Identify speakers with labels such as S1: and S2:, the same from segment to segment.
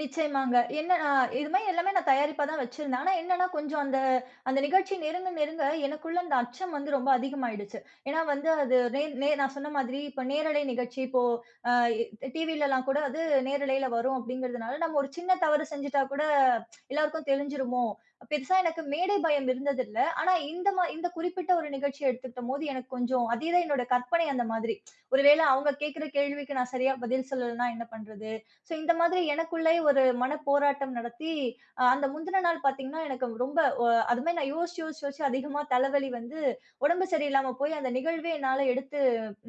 S1: நிச்சயமாங்க. ஏன்னா இது மாதிரி எல்லாமே நான் தயாரிப்பா தான் வச்சிருந்தேன். ஆனா என்னானா, கொஞ்சம் அந்த அந்த நிகழ்ச்சி நெருங்க நெருங்க, எனக்குள்ள அந்த அச்சம் வந்து ரொம்ப அதிகமாகியிடுச்சி. ஏன்னா வந்து, அது நே நே நான் சொன்ன மாதிரி இப்போ நேரலை நிகழ்ச்சி இப்போ அ டிவில எல்லாம் கூட அது நேரலையில வரும் அப்படிங்கிறதுனால, நம்ம ஒரு சின்ன தவறு செஞ்சிட்டா கூட, எல்லோருக்கும் தெரிஞ்சிருமோ! பெருசா எனக்கு மேடை பயம் இருந்ததில்லை. ஆனா இந்த மா இந்த குறிப்பிட்ட ஒரு நிகழ்ச்சிய எடுத்துகிட்டம் போது, எனக்கு கொஞ்சம் அதே தான், என்னுடைய கற்பனை அந்த மாதிரி. ஒரு வேளை அவுங்க கேக்கிற கேள்விக்கு நான் சரியா பதில் சொல்லலன்னா, என்ன பண்றது? சோ இந்த மாதிரி எனக்குள்ளேயே ஒரு மனப்போராட்டம் நடத்தி அ அந்த முந்தின நாள் பாத்தீங்கன்னா, எனக்கு ரொம்ப ஒ அது மாரி நான் யோசிச்சி யோசிச்சி யோசிச்சி அதிகமா தலைவலி வந்து, உடம்பு சரியில்லாம போயி, அந்த நிகழ்வே என்னால எடுத்து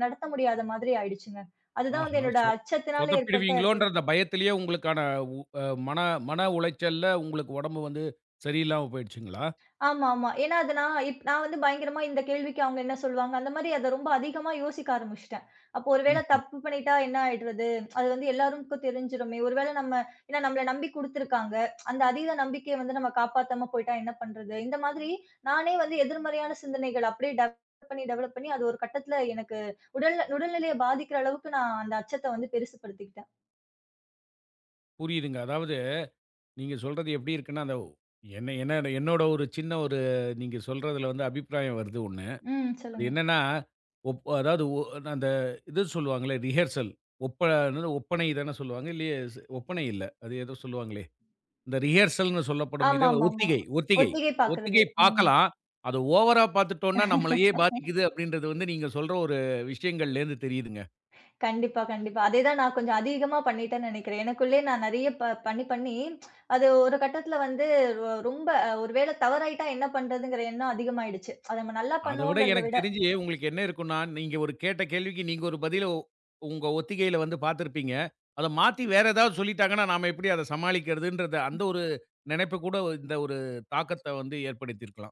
S1: நடத்த முடியாத மாதிரி ஆயிடுச்சுங்க. அது தான் வந்து
S2: ஆஹா!
S1: என்னோட
S2: சொதப்
S1: அச்சத்தினால ஏற்பட்ட
S2: சொதப்பிடுவீங்களோன்ற
S1: பின்
S2: அந்த பயத்திலயே உங்களுக்கான உ அ மன மன உளைச்சல்ல உங்களுக்கு உடம்பு வந்து, சரியில்லாம போயிடுச்சுங்களா?
S1: ஆமாமா. ஏன்னா அது நான் நான் வந்து பயங்கரமா இந்த கேள்விக்கு அவுங்க என்ன சொல்வாங்க? அந்த மாரி, அத ரொம்ப அதிகமா யோசிக்க ஆரம்பிச்சிட்டேன். அப்போ ஒருவேளை
S2: ம்ஹ்ம்.
S1: தப்பு பண்ணிட்டா என்ன ஆயிடுறது? அது வந்து எல்லாரும்க்கும் தெரிஞ்சிருமே! ஒரு வேளை நம்ம ஏன்னா நம்மள நம்பி குடுத்திருக்கிறாங்க அந்த அதீத நம்பிக்கைய வந்து நம்ம காப்பாத்தம போய்ட்டா என்ன பண்றது? இந்த மாதிரி, நானே வந்து எதிர்மறையான சிந்தனைகள், அப்டியே டெவலப் பண்ணி டெவலப் பண்ணி அது ஒரு கட்டத்தில எனக்கு உடல்நில உடல்நிலையை பாதிக்கிற அளவுக்கு, நான் அந்த அச்சத்தை வந்து பெருசு படுத்திக்கிட்டேன்.
S2: புரியுதுங்க. அதாவது, நீங்க சொல்றது எப்படி இருக்குன்னா, அந்த ஒ என்ன என்னை என்னோடைய ஒரு சின்ன ஒரு நீங்க சொல்றதில வந்து அபிப்பிராயம் வருது 1.
S1: ம்.
S2: அது
S1: சொல்லுங்க.
S2: என்னானா, ஒப் அ அதாவது ஒ நா அந்த இது சொல்லுவாங்கள்ல ரிஹர்சல் ஒப்ப, என்னது, ஒப்பனை தானே சொல்லுவாங்க? இல்லையே! ஒப்பனை இல்லை. அது ஏதோ சொல்லுவாங்களே, இந்த ரிஹர்சல்னு சொல்லப்படும் இத வ
S1: ஆம்மாமாமா.
S2: ஒத்திகை ஒத்திகை
S1: ஒத்திகை பாக்குறது.
S2: ஒத்திகை
S1: ம்.
S2: பாக்கலாம். அதை ஓவரா பாத்துட்டோம்ன்னா, நம்மளயே பாதிக்குது, அப்படின்றது வந்து நீங்க சொல்ற ஒரு விஷயங்ளேலருந்து தெரியுதுங்க.
S1: கண்டிப்பா கண்டிப்பா. அதே தான் நான் கொஞ்சம் அதீகமா பண்ணிட்டேன்னு நெனைக்கிறேன். எனக்குள்ளேயே நான் நெறையா ப பண்ணி பண்ணி, அது ஒரு கட்டத்துல வந்து, வ ரொம்ப ஒருவேள தவறாயிட்டா என்ன பண்றதுங்கிற எண்ணம் அதிகமாயிடுச்சு. அத நம்ம நல்லா
S2: அத விட
S1: பண்ணுவோம்ங்கறத
S2: எனக்குத்
S1: விட!
S2: தெரிஞ்சி, உங்களுக்கு என்ன இருக்கும்ன்னா நீங்க ஒரு கேட்ட கேள்விக்கு, நீங்க ஒரு பதிலை உங்க ஒத்திகையில வந்து பாத்திருப்பீங்க. அத மாத்தி வேற ஏதாவது சொல்லிட்டாங்கன்னா, நாம எப்படி அதை சமாளிக்கிறதுன்றது அந்த ஒரு நெனைப்பு கூட இந்த ஒரு தாக்கத்த வந்து ஏற்படுத்தி இருக்கலாம்!